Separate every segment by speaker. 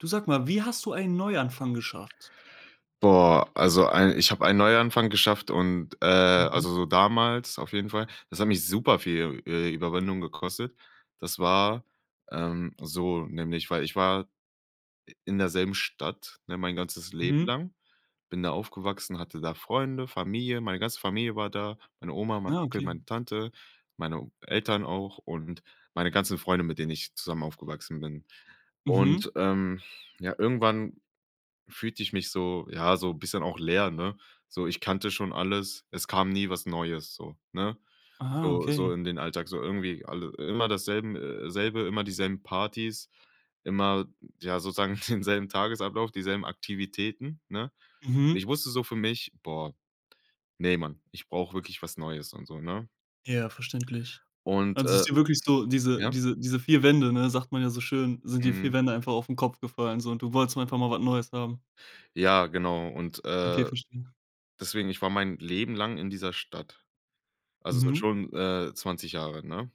Speaker 1: Du sag mal, wie hast du einen Neuanfang geschafft?
Speaker 2: Boah, also ein ich habe ein Neuanfang geschafft und, äh
Speaker 1: Mhm.
Speaker 2: also so damals auf jeden Fall, das hat mich superviel, äh, Überwindung gekostet. Das war, ähm, so nämlich weil ich war i in derselben Stadt, ne, mein ganzes Leben
Speaker 1: Mhm.
Speaker 2: lang. Bin da aufgewachsen, hatte da Freunde, Familie, meine ganze Familie war da, meine Oma, mein
Speaker 1: Ah
Speaker 2: Onkel,
Speaker 1: okay.
Speaker 2: meine Tante, meine Eltern auch und meine ganzen Freunde, mit denen ich zusammen aufgewachsen bin.
Speaker 1: Mhm.
Speaker 2: Und, ähm, ja, irgendwann fühlte ich mich so ja, so bisschen auch leer, ne? So, ich kannte schon alles. Es kam nie was Neues, so, ne?
Speaker 1: Ah,
Speaker 2: So so
Speaker 1: okay.
Speaker 2: in den Alltag, so irgendwie alle immer dasselben, äh selbe, immer dieselben Partys, immer ja, sozusagen denselben Tagesablauf, dieselben Aktivitäten, ne? Und
Speaker 1: Mhm.
Speaker 2: ich wusste so für mich: „Boah, ne, man, ich brauch wirklich was Neues und so“, ne?
Speaker 1: Ja, verständlich.
Speaker 2: Und,
Speaker 1: Also
Speaker 2: äh,
Speaker 1: ist dir wirklich so diese
Speaker 2: ja?
Speaker 1: diese diese 4 Wände, ne? Sagt man ja so schön, sind die 4
Speaker 2: Mhm.
Speaker 1: Wände einfach aufn Kopf gefallen so und du wolltest mal einfach mal was Neues haben.
Speaker 2: Ja, genau und,
Speaker 1: Okay
Speaker 2: äh,
Speaker 1: verstehe.
Speaker 2: deswegen, ich war mein Leben lang in dieser Stadt, also seit
Speaker 1: Mhm.
Speaker 2: schon, äh, 20 Jahren, ne?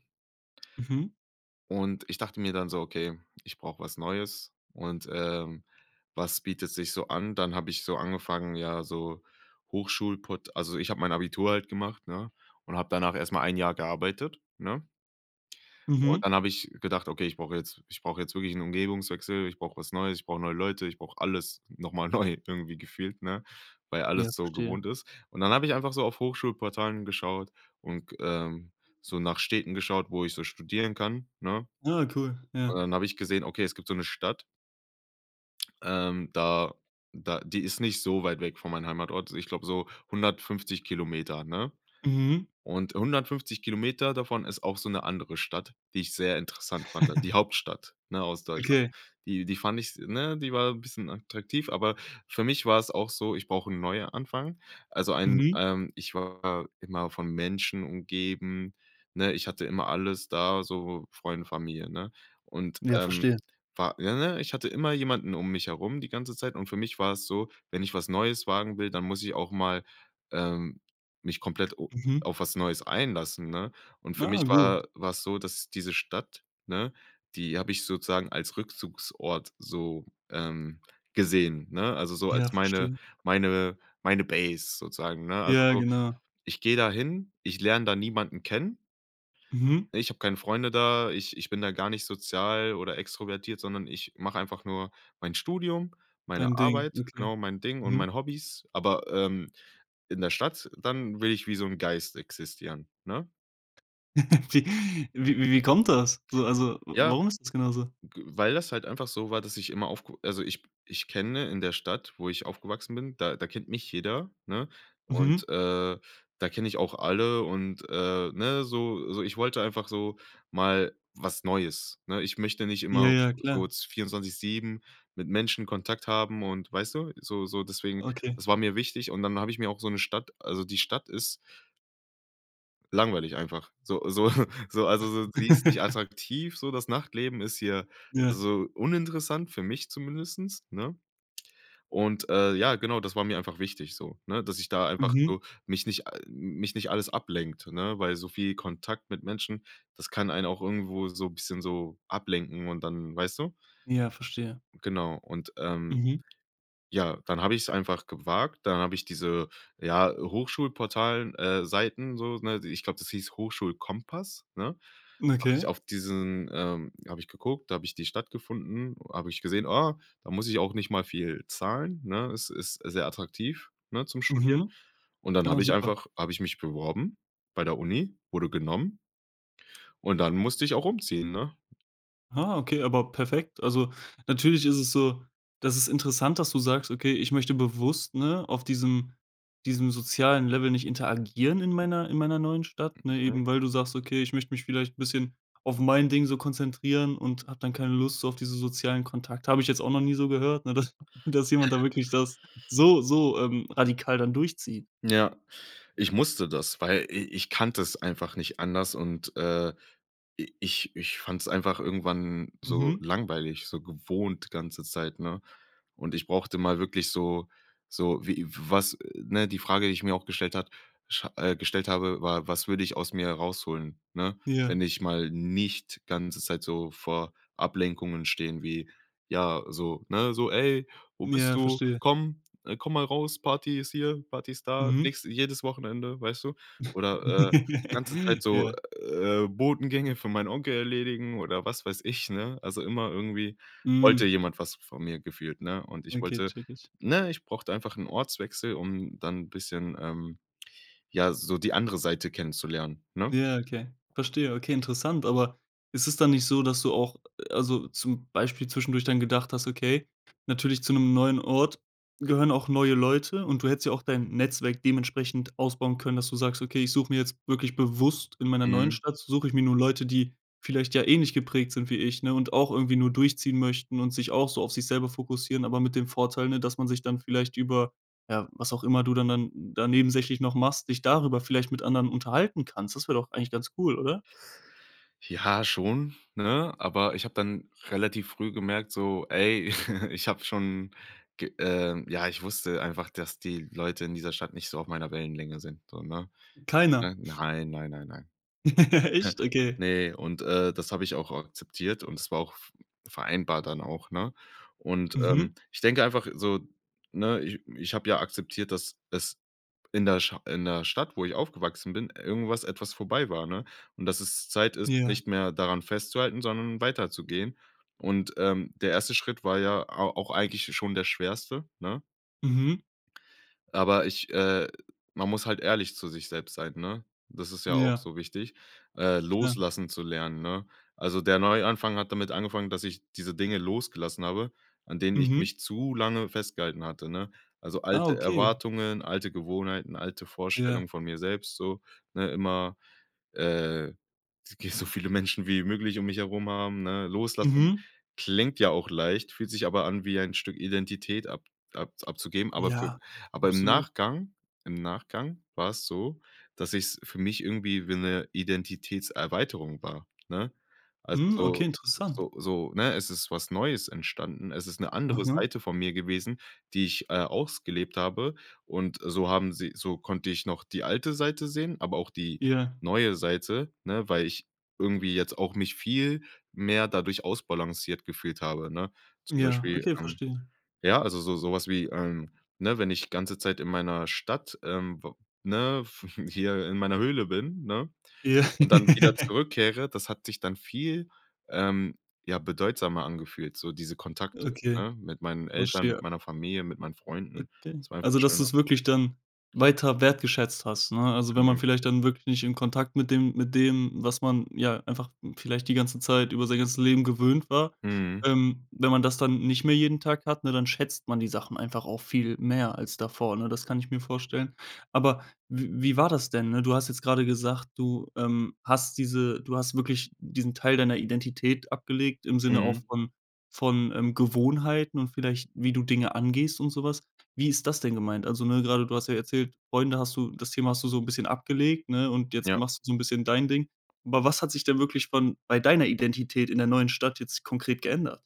Speaker 1: Mhm.
Speaker 2: Und ich dachte mir dann so: „Okay, ich brauche was Neues und, ähm, was bietet sich so an?“ Dann habe ich so angefangen, ja, so Hochschulport also ich habe mein Abitur halt gemacht, ne? Und habe danach erst mal ein Jahr gearbeitet, ne? Und
Speaker 1: Mhm.
Speaker 2: dann habe ich gedacht: „Okay, ich brauche jetzt ich brauche jetzt wirklich 'n Umgebungswechsel, ich brauche was Neues, ich brauche neue Leute, ich brauche alles noch mal neu irgendwie gefühlt“, ne? Weil
Speaker 1: Ja
Speaker 2: alles so
Speaker 1: verstehe.
Speaker 2: gewohnt ist. Und dann habe ich einfach so auf Hochschulportalen geschaut und g ähm, so nach Städten geschaut, wo ich so studieren kann, ne?
Speaker 1: Ah cool,
Speaker 2: Und
Speaker 1: ja.
Speaker 2: dann habe ich gesehen, okay, es gibt so 'ne Stadt ähm, da da die ist nicht so weit weg von mein Heimatort. S ich glaube so 150 km, ne?
Speaker 1: Mhm.
Speaker 2: Und 150 km davon ist auch so 'ne andere Stadt, die ich sehr interessant fand dann, die Hauptstadt, ne, aus Deutschland.
Speaker 1: Okay.
Speaker 2: Die die fand ich s ne, die war 'n bisschen attraktiv, aber für mich war es auch so: „Ich brauche 'n Neuanfang“. Also ein,
Speaker 1: Mhm.
Speaker 2: ähm ich war immer von Menschen umgeben, ne? Ich hatte immer alles da, so Freunde, Familie, ne? Und,
Speaker 1: Ja
Speaker 2: ähm,
Speaker 1: verstehe.
Speaker 2: war ja, ne, ich hatte immer jemanden mich herum die ganze Zeit und für mich war es so, wenn ich was Neues wagen will, dann muss ich auch mal, ähm, mich komplett o
Speaker 1: Mhm.
Speaker 2: auf was Neues einlassen, ne? Und für mich
Speaker 1: Ah gut.
Speaker 2: war war es so, dass diese Stadt, ne, die habe ich sozusagen als Rückzugsort so, ähm, gesehen, ne? Also so als
Speaker 1: Ja,
Speaker 2: meine
Speaker 1: verstehe.
Speaker 2: meine meine Base sozusagen, ne? Also
Speaker 1: Ja,
Speaker 2: so,
Speaker 1: genau.
Speaker 2: ich gehe da hin, ich lerne da niemanden kennen
Speaker 1: Mhm.
Speaker 2: ne? Ich habe keine Freunde da, ich ich bin da gar nicht sozial oder extrovertiert, sondern ich mache einfach nur mein Studium, meine
Speaker 1: Dein Ding,
Speaker 2: Arbeit,
Speaker 1: okay.
Speaker 2: genau, mein Ding und
Speaker 1: Mhm.
Speaker 2: meine Hobbys, aber, ähm, in der Stadt dann will ich wie so 'n Geist existieren, ne?
Speaker 1: Wie wie wie wie kommt das, so also w
Speaker 2: Ja,
Speaker 1: warum ist das genau so?
Speaker 2: g weil das halt einfach so war, dass ich immer aufk also ich ich kenne in der Stadt, wo ich aufgewachsen bin, da da kennt mich jeder, ne?
Speaker 1: Mhm.
Speaker 2: Und, äh, da kenne ich auch alle und, äh, ne, so so ich wollte einfach so mal was Neues, ne? Ich möchte nicht immer
Speaker 1: Ja,
Speaker 2: auf
Speaker 1: ja,
Speaker 2: so
Speaker 1: klar.
Speaker 2: 24/7 mit Menschen Kontakt haben und weißt du? So so deswegen,
Speaker 1: Okay.
Speaker 2: das war mir wichtig und dann habe ich mir auch so 'ne Stadt also die Stadt ist langweilig einfach, so so so also, so, die ist nicht attraktiv, so, das Nachtleben ist hier,
Speaker 1: Ja.
Speaker 2: also, uninteressant für mich zumindest, ne? Und, äh, ja, genau, das war mir einfach wichtig, so, ne? Dass ich da einfach,
Speaker 1: Mhm.
Speaker 2: so, mich nicht, äh, m mich nicht alles ablenkt, ne, weil so viel Kontakt mit Menschen, das kann einen auch irgendwo, so, bisschen, so, ablenken und dann, weißt du?
Speaker 1: Ja, verstehe.
Speaker 2: Genau und, ähm,
Speaker 1: Mhm.
Speaker 2: ja, dann habe ich's einfach gewagt, dann habe ich diese, ja, Hochschulportalen äh, Seiten, so, ne? I ich glaube, das hieß „Hochschulkompass“, ne? Habe ich
Speaker 1: Okay?
Speaker 2: auf diesen, ähm habe ich geguckt. Da habe ich die Stadt gefunden, habe ich gesehen, ah, da muss ich auch nicht mal viel zahlen, ne? Ist ist sehr attraktiv, ne, zum Studieren.
Speaker 1: Mhm,
Speaker 2: Und dann
Speaker 1: ah
Speaker 2: habe ich
Speaker 1: super.
Speaker 2: einfach habe ich mich beworben bei der Uni, wurde genommen und dann musste ich auch umziehen, ne?
Speaker 1: Ah, okay, aber perfekt. Also natürlich ist es so das ist interessant, dass du sagst: „Okay, ich möchte bewusst, ne, auf diesem diesem sozialen Level nicht interagieren in meiner in meiner neuen Stadt“, ne?
Speaker 2: Mhm.
Speaker 1: Eben weil du sagst: „Okay, ich möchte mich vielleicht bisschen auf mein Ding so konzentrieren und habe dann keine Lust auf diese sozialen Kontakte“. Habe ich jetzt auch noch nie so gehört, ne? Dass dass jemand da wirklich das so, so, ähm, radikal dann durchzieht.
Speaker 2: Ja, ich musste das, weil i ich kannte es einfach nicht anders und, äh, i ich ich fand's einfach irgendwann so
Speaker 1: Mhm.
Speaker 2: langweilig, so gewohnt die ganze Zeit, ne? Und ich brauchte mal wirklich so so wie w was, äh, ne? Die Frage, die ich mir auch gestellt hat sch äh, gestellt habe, war: „Was würde ich aus mir herausholen“, ne? Wenn
Speaker 1: Ja.
Speaker 2: ich mal nicht ganze Zeit so vor Ablenkungen stehe, wie, ja so, ne so: „Ey, wo bist
Speaker 1: Ja,
Speaker 2: du?
Speaker 1: verstehe.
Speaker 2: Komm, äh, komm mal raus, Party ist hier, Party ist da“,
Speaker 1: Mhm.
Speaker 2: nächste jedes Wochenende, weißt du? Oder, äh, ganze Zeit so,
Speaker 1: Ja.
Speaker 2: äh, Botengänge für meinen Onkel erledigen oder was weiß ich, ne? Also immer irgendwie wollte
Speaker 1: Hm.
Speaker 2: jemand was v von mir gefühlt, ne? Und ich
Speaker 1: Okay,
Speaker 2: wollte,
Speaker 1: checke ich.
Speaker 2: ne ich brauchte einfach 'n Ortswechsel, um dann 'n bisschen, ähm, ja, so die andere Seite kennenzulernen, ne?
Speaker 1: Ja, okay. Verstehe. Okay, interessant. Aber ist es dann nicht so, dass du auch, äh also zum Beispiel zwischendurch dann gedacht hast, okay, natürlich zu 'nem neuen Ort gehören auch neue Leute und du hättest ja auch dein Netzwerk dementsprechend ausbauen können, dass du sagst: „Okay, ich suche mir jetzt wirklich bewusst in meiner neuen
Speaker 2: Mhm.
Speaker 1: Stadt suche ich mir nun Leute, die vielleicht ja ähnlich geprägt sind wie ich“, ne? Und auch irgendwie nur durchziehen möchten und sich auch so auf sich selber fokussieren, aber mit dem Vorteil, ne, dass man sich dann vielleicht über, ja was auch immer du dann dann da nebensächlich noch machst, dich darüber vielleicht mit anderen unterhalten kannst. Das wäre doch eigentlich ganz cool, oder?
Speaker 2: Ja, schon, ne? Aber ich habe dann relativ früh gemerkt, so: „Ey“, ich habe schon ge ähm, ja, ich wusste einfach, dass die Leute in dieser Stadt nicht so auf meiner Wellenlänge sind, so, ne,
Speaker 1: Keiner?
Speaker 2: ne? Nein, nein, nein, nein.
Speaker 1: Echt? Okay.
Speaker 2: Ne, und, äh, das habe ich auch akzeptiert und es war auch v vereinbar dann auch, ne? Und,
Speaker 1: Mhm.
Speaker 2: ähm, ich denke einfach so, ne, ich ich habe ja akzeptiert, dass es in der Scha in der Stadt, wo ich aufgewachsen bin, irgendwas etwas vorbei war, ne? Und dass es Zeit ist,
Speaker 1: Ja.
Speaker 2: nicht mehr daran festzuhalten, sondern weiterzugehen. Und, ähm, der 1. Schritt war ja a auch eigentlich schon der schwerste, ne?
Speaker 1: Mhm.
Speaker 2: Aber ich, äh man muss halt ehrlich zu sich selbst sein, ne? Das ist ja auch
Speaker 1: Ja.
Speaker 2: so wichtig, äh,
Speaker 1: Klar.
Speaker 2: loslassen zu lernen, ne? Also der Neuanfang hat damit angefangen, dass ich diese Dinge losgelassen habe, an denen ich
Speaker 1: Mhm.
Speaker 2: mich zu lange festgehalten hatte, ne? Also
Speaker 1: Ah,
Speaker 2: alte
Speaker 1: okay.
Speaker 2: Erwartungen, alte Gewohnheiten, alte
Speaker 1: Ja.
Speaker 2: Vorstellungen von mir selbst so, ne? Immer, äh, wenn's geht so viele Menschen wie möglich mich herum haben, ne? Loslassen
Speaker 1: Mhm.
Speaker 2: klingt ja auch leicht, fühlt sich aber an, wie ein Stück Identität ab abz abzugeben. Aber für
Speaker 1: Ja,
Speaker 2: aber im
Speaker 1: absolut.
Speaker 2: Nachgang im Nachgang war es so, dass ich's für mich irgendwie wie 'ne Identitätserweiterung war, ne? Also
Speaker 1: Mhm,
Speaker 2: so
Speaker 1: okay, interessant.
Speaker 2: so so, ne, es ist was Neues entstanden. Es ist 'ne andere
Speaker 1: Aha?
Speaker 2: Seite von mir gewesen, die ich, äh, ausgelebt habe und, äh, so haben sie so konnte ich noch die alte Seite sehen, aber auch die
Speaker 1: Ja.
Speaker 2: neue Seite, ne? Weil ich irgendwie jetzt auch mich viel mehr dadurch ausbalanciert gefühlt habe, ne? Zum
Speaker 1: Ja,
Speaker 2: Beispiel,
Speaker 1: okay,
Speaker 2: ähm
Speaker 1: verstehe.
Speaker 2: ja, also so so was wie, ähm, ne, wenn ich ganze Zeit in meiner Stadt, ähm, w ne, w w hier in meiner Höhle bin, ne?
Speaker 1: Ja.
Speaker 2: Und dann wieder zurückkehre, das hat sich dann viel, ähm, ja, bedeutsamer angefühlt, so diese Kontakte,
Speaker 1: Okay.
Speaker 2: ne? Mit meinen Eltern, mit
Speaker 1: Verstehe.
Speaker 2: meiner Familie, mit meinen Freunden.
Speaker 1: Okay.
Speaker 2: Das war einfach
Speaker 1: Also dass
Speaker 2: schöner.
Speaker 1: du's wirklich dann weiter wertgeschätzt hast, ne? Also wenn man
Speaker 2: Genau.
Speaker 1: vielleicht dann wirklich nicht in Kontakt mit dem mit dem, was man, ja, einfach vielleicht die ganze Zeit über sein ganzes Leben gewöhnt war.
Speaker 2: Mhm.
Speaker 1: Ähm, wenn man das dann nicht mehr jeden Tag hat, ne, dann schätzt man die Sachen einfach auch viel mehr als davor, ne? Das kann ich mir vorstellen. Aber w wie war das denn, ne? Du hast jetzt grade gesagt: „Du, ähm, hast diese du hast wirklich diesen Teil deiner Identität abgelegt im Sinne auch
Speaker 2: Mhm.
Speaker 1: von von, ähm, Gewohnheiten und vielleicht wie du Dinge angehst und so was“. Wie ist das denn gemeint? Also ne, grade du hast ja erzählt, Freunde hast du das Thema hast du so 'n bisschen abgelegt, ne? Und jetzt
Speaker 2: Ja.
Speaker 1: machst du so 'n bisschen dein Ding. Aber was hat sich denn wirklich von bei deiner Identität in der neuen Stadt jetzt konkret geändert?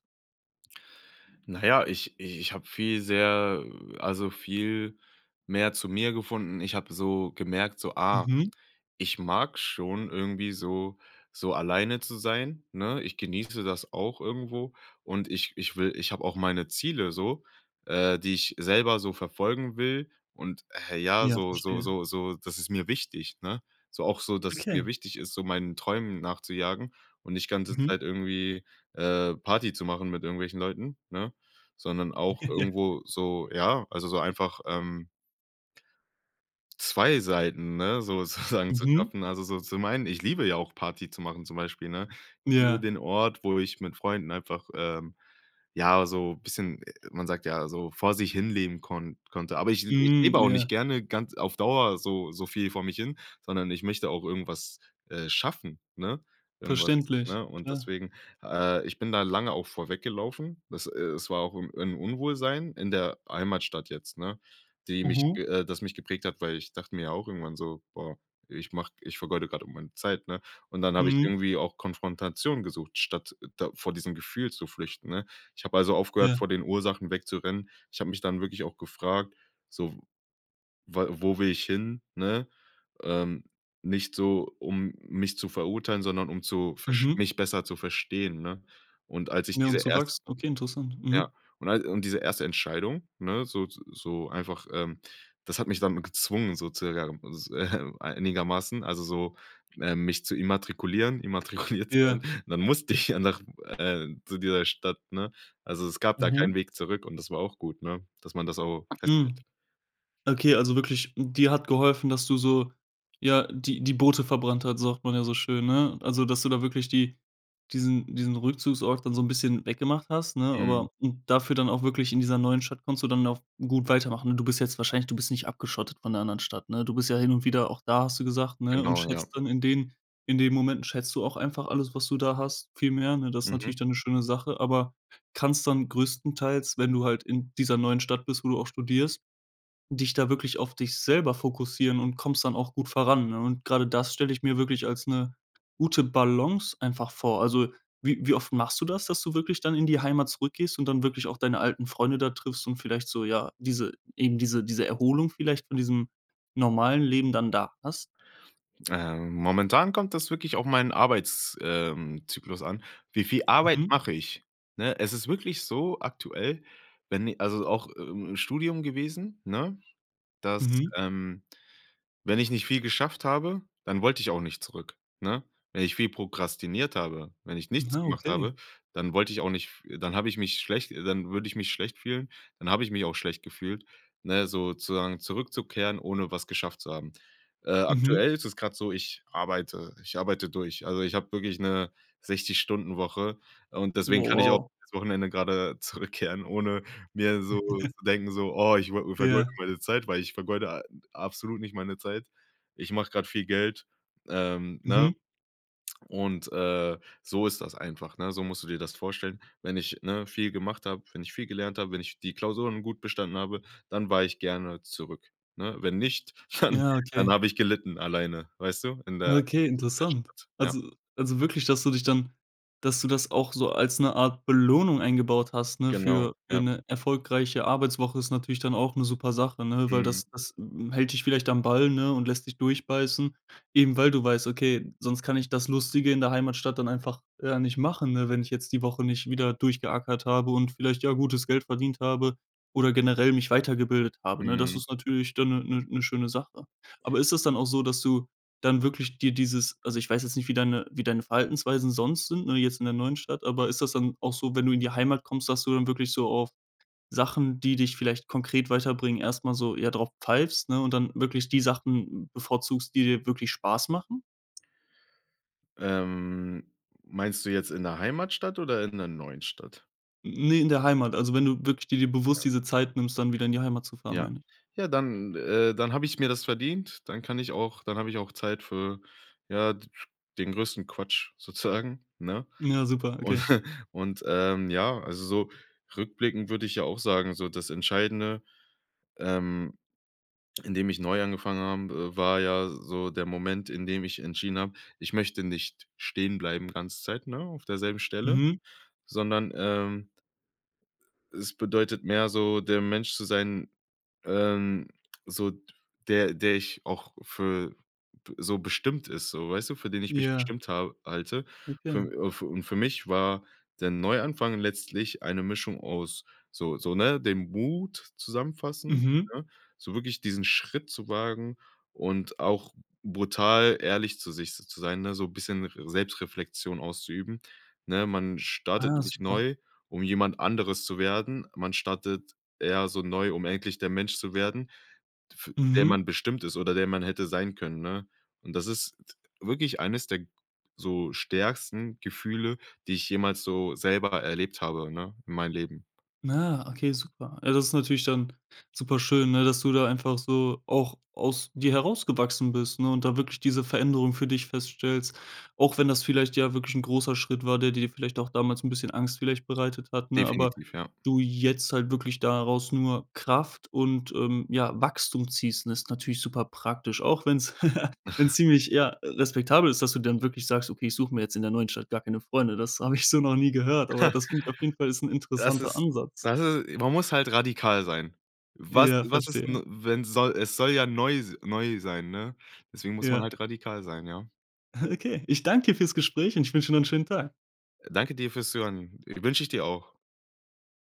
Speaker 2: Na ja, ich i ich habe viel sehr, äh also viel mehr zu mir gefunden. Ich habe so gemerkt so: „Ah,
Speaker 1: Mhm.
Speaker 2: ich mag schon irgendwie so so alleine zu sein, ne?" Ich genieße das auch irgendwo und ich ich will ich habe auch meine Ziele so, äh, die ich selber so verfolgen will und, äh, ja,
Speaker 1: Ja,
Speaker 2: so so
Speaker 1: verstehe.
Speaker 2: so so das ist mir wichtig, ne? So auch so, dass es mir
Speaker 1: Okay.
Speaker 2: wichtig ist, so meinen Träumen nachzujagen und nicht ganze
Speaker 1: Mhm.
Speaker 2: Zeit irgendwie, äh, Party zu machen mit irgendwelchen Leuten, ne? Sondern auch
Speaker 1: Ja.
Speaker 2: irgendwo so ja, also so einfach, ähm 2 Seiten, ne, so sozusagen zu
Speaker 1: Mhm.
Speaker 2: schaffen also so zu meinen. Ich liebe ja auch Party zu machen zum Beispiel, ne? Liebe
Speaker 1: Ja.
Speaker 2: den Ort, wo ich mit Freunden einfach, ähm, ja, so bisschen äh, man sagt ja, so vor sich hin leben konn konnte. Aber ich ich
Speaker 1: Hm,
Speaker 2: lebe auch nicht
Speaker 1: ja.
Speaker 2: gerne ganz auf Dauer so so viel vor mich hin, sondern ich möchte auch irgendwas, äh schaffen, ne, irgendwas,
Speaker 1: Verständlich.
Speaker 2: ne, und
Speaker 1: Klar.
Speaker 2: deswegen äh, ich bin da lange auch vor weggelaufen. Dass äh, es war auch im 'n Unwohlsein in der Heimatstadt jetzt, ne? Die mich
Speaker 1: Mhm.
Speaker 2: äh, das mich geprägt hat, weil ich dachte mir auch irgendwann so: „Boah, ich mach ich vergeude grade meine Zeit, ne?" Und dann habe ich
Speaker 1: Mhm.
Speaker 2: irgendwie auch Konfrontation gesucht, statt da vor diesem Gefühl zu flüchten, ne? Ich habe also aufgehört,
Speaker 1: Ja.
Speaker 2: vor den Ursachen wegzurennen. Ich habe mich dann wirklich auch gefragt, so: „Weil wo will ich hin, ne?" Ähm, nicht so, um mich zu verurteilen, sondern um zu versch
Speaker 1: Mhm.
Speaker 2: mich besser zu verstehen, ne? Und als ich
Speaker 1: Ja, um
Speaker 2: diese
Speaker 1: zu
Speaker 2: erst
Speaker 1: wachsen. Okay, interessant.
Speaker 2: ja
Speaker 1: Mhm.
Speaker 2: und all und diese erste Entscheidung, ne, so z so einfach ähm, das hat mich damit gezwungen sozusagen äh, einigermaßen also so, ähm, mich zu immatrikulieren immatrikuliert zu wohnen.
Speaker 1: Ja.
Speaker 2: Dann musste ich ja nach äh zu dieser Stadt, ne? Also, es gab da keinen
Speaker 1: Mhm.
Speaker 2: Weg zurück und das war auch gut, ne, dass man das auch festhält.
Speaker 1: Hm. Okay, also wirklich, dir hat geholfen, dass du so ja, die die Boote verbrannt hat, sagt man ja so schön, ne? Also, dass du da wirklich die diesen diesen Rückzugsort dann so 'n bisschen weggemacht hast, ne?
Speaker 2: Mhm.
Speaker 1: Aber dafür dann auch wirklich, in dieser neuen Stadt kannst du dann auch gut weitermachen. Du bist jetzt wahrscheinlich du bist nicht abgeschottet von der anderen Stadt, ne? Du bist ja hin und wieder auch da, hast du gesagt, ne, und
Speaker 2: Genau, ja.
Speaker 1: schätzt dann in den in den Momenten schätzt du auch einfach alles, was du da hast, viel mehr, ne? Das ist
Speaker 2: Mhm.
Speaker 1: natürlich dann 'ne schöne Sache, aber kannst dann größtenteils, wenn du halt in dieser neuen Stadt bist, wo du auch studierst, dich da wirklich auf dich selber fokussieren und kommst dann auch gut voran, ne? Und grade das stelle ich mir wirklich als 'ne gute Balance einfach vor. Also wie wie oft machst du das, dass du wirklich dann in die Heimat zurückgehst und dann wirklich auch deine alten Freunde da triffst und vielleicht so, ja, diese eben diese diese Erholung vielleicht von diesem normalen Leben dann da hast?
Speaker 2: Ähm, momentan kommt das wirklich auf meinen Arbeits ähm, zyklus an. Wie viel Arbeit
Speaker 1: Mhm.
Speaker 2: mache ich? Ne? Es ist wirklich so aktuell, wenn i also auch i i im Studium gewesen, ne? Dass,
Speaker 1: Mhm.
Speaker 2: ähm, wenn ich nicht viel geschafft habe, dann wollte ich auch nicht zurück, ne? Wenn ich viel prokrastiniert habe, wenn ich nichts
Speaker 1: Na,
Speaker 2: gemacht habe,
Speaker 1: okay.
Speaker 2: dann wollte ich auch nicht f dann habe ich mich schlecht dann würde ich mich schlecht fühlen dann habe ich mich auch schlecht gefühlt, ne, sozusagen zurückzukehren, ohne was geschafft zu haben. Äh,
Speaker 1: Mhm.
Speaker 2: aktuell ist es grade so, ich arbeite ich arbeite durch. Also ich habe wirklich 'ne 60 Stunden Woche und deswegen
Speaker 1: Wow,
Speaker 2: kann ich auch
Speaker 1: wow.
Speaker 2: aufs Wochenende grade zurückkehren, ohne mir so zu denken so: „Oh, ich wo vergeude
Speaker 1: Ja.
Speaker 2: meine Zeit, weil ich vergeude a absolut nicht meine Zeit. Ich mache grade viel Geld.", ähm, ne?
Speaker 1: Mhm.
Speaker 2: Und, äh, so ist das einfach, ne? So musst du dir das vorstellen, wenn ich, ne, viel gemacht habe, wenn ich viel gelernt habe, wenn ich die Klausuren gut bestanden habe, dann war ich gerne zurück, ne? Wenn nicht, dann
Speaker 1: Ja,
Speaker 2: dann
Speaker 1: okay.
Speaker 2: habe ich gelitten alleine, weißt du, in der
Speaker 1: Okay,
Speaker 2: [unintelligible]
Speaker 1: interessant.
Speaker 2: Stadt, ja.
Speaker 1: Also also wirklich, dass du dich dann dass du das auch so als 'ne Art Belohnung eingebaut hast, ne,
Speaker 2: Genau,
Speaker 1: für für
Speaker 2: ja.
Speaker 1: 'ne erfolgreiche Arbeitswoche, ist natürlich dann auch 'ne super Sache, ne? Weil
Speaker 2: Mhm.
Speaker 1: das das hält dich vielleicht am Ball, ne, und lässt dich durchbeißen. Eben, weil du weißt: „Okay, sonst kann ich das Lustige in der Heimatstadt dann einfach, äh, nicht machen, ne, wenn ich jetzt die Woche nicht wieder durchgeackert habe und vielleicht ja gutes Geld verdient habe oder generell mich weitergebildet habe, ne?" Das
Speaker 2: Mhm.
Speaker 1: ist natürlich dann 'ne 'ne 'ne schöne Sache. Aber ist das dann auch so, dass du dann wirklich dir dieses also ich weiß jetzt nicht, wie deine wie deine Verhaltensweisen sonst sind, ne, jetzt in der neuen Stadt, aber ist das dann auch so, wenn du in die Heimat kommst, dass du dann wirklich so auf Sachen, die dich vielleicht konkret weiterbringen, erst mal so eher drauf pfeifst, ne, und dann wirklich die Sachen bevorzugst, die dir wirklich Spaß machen?
Speaker 2: Ähm, meinst du jetzt in der Heimatstadt oder in der neuen Stadt?
Speaker 1: Ne, in der Heimat. Also, wenn du wirklich di dir bewusst
Speaker 2: Ja.
Speaker 1: diese Zeit nimmst, dann wieder in die Heimat zu fahren,
Speaker 2: Ja.
Speaker 1: meine ich.
Speaker 2: Ja, dann äh, dann habe ich mir das verdient, dann kann ich auch dann habe ich auch Zeit für, ja, d den größten Quatsch sozusagen, ne?
Speaker 1: Ja, super,
Speaker 2: Und
Speaker 1: okay.
Speaker 2: und, ähm, ja, also so rückblickend würde ich ja auch sagen, so das Entscheidende, ähm, in dem ich neu angefangen habe, war ja s so der Moment, in dem ich entschieden habe: „Ich möchte nicht stehen bleiben ganze Zeit, ne, auf derselben Stelle,
Speaker 1: Mhm.
Speaker 2: sondern, ähm“ „es bedeutet mehr so, der Mensch zu sein, ähm so der der ich auch für b so bestimmt ist“, so, weißt du, für den ich mich
Speaker 1: Ja.
Speaker 2: bestimmt habe halte. Für
Speaker 1: Okay.
Speaker 2: und für und für mich war der Neuanfang letztlich eine Mischung aus so so, ne, dem Mut zusammenfassen,
Speaker 1: Mhm.
Speaker 2: ne, so wirklich diesen Schritt zu wagen und auch brutal ehrlich zu sich z zu sein, ne, so bisschen r Selbstreflexion auszuüben, ne? Man startet
Speaker 1: Ah,
Speaker 2: nicht
Speaker 1: super.
Speaker 2: neu um jemand anderes zu werden. Man startet eher so neu, um endlich der Mensch zu werden, f der
Speaker 1: Mhm.
Speaker 2: man bestimmt ist oder der man hätte sein können, ne? Und das ist d wirklich eines der so stärksten Gefühle, die ich jemals so selber erlebt habe, ne, in meinem Leben.
Speaker 1: Ah, okay, super. Also, das ist natürlich dann super schön, ne, dass du da einfach so auch aus dir herausgewachsen bist, ne, und da wirklich diese Veränderung für dich feststellst, auch wenn das vielleicht, ja, wirklich 'n großer Schritt war, der dir vielleicht auch damals 'n bisschen Angst vielleicht bereitet hat, ne? Aber
Speaker 2: Definitiv, ja.
Speaker 1: du jetzt halt wirklich daraus nur Kraft und, ähm, ja, Wachstum ziehst, ist natürlich super praktisch, auch wenn's wenn's wenn's ziemlich, ja, respektabel ist, dass du dann wirklich sagst: „Okay, ich suche mir jetzt in der neuen Stadt gar keine Freunde.“ Das habe ich so noch nie gehört, aber das klingt auf jeden Fall ist 'n
Speaker 2: Das
Speaker 1: interessanter
Speaker 2: ist,
Speaker 1: Ansatz.
Speaker 2: das ist man muss halt radikal sein. Was
Speaker 1: Ja,
Speaker 2: was ist
Speaker 1: verstehe.
Speaker 2: denn, wenn soll es soll ja neu s neu sein, ne? Deswegen muss man
Speaker 1: Ja.
Speaker 2: halt radikal sein, ja?
Speaker 1: Okay, ich danke dir fürs Gespräch und ich wünsche dir noch 'nen schönen Tag.
Speaker 2: Danke dir fürs Zuhören, i wünsche ich dir auch.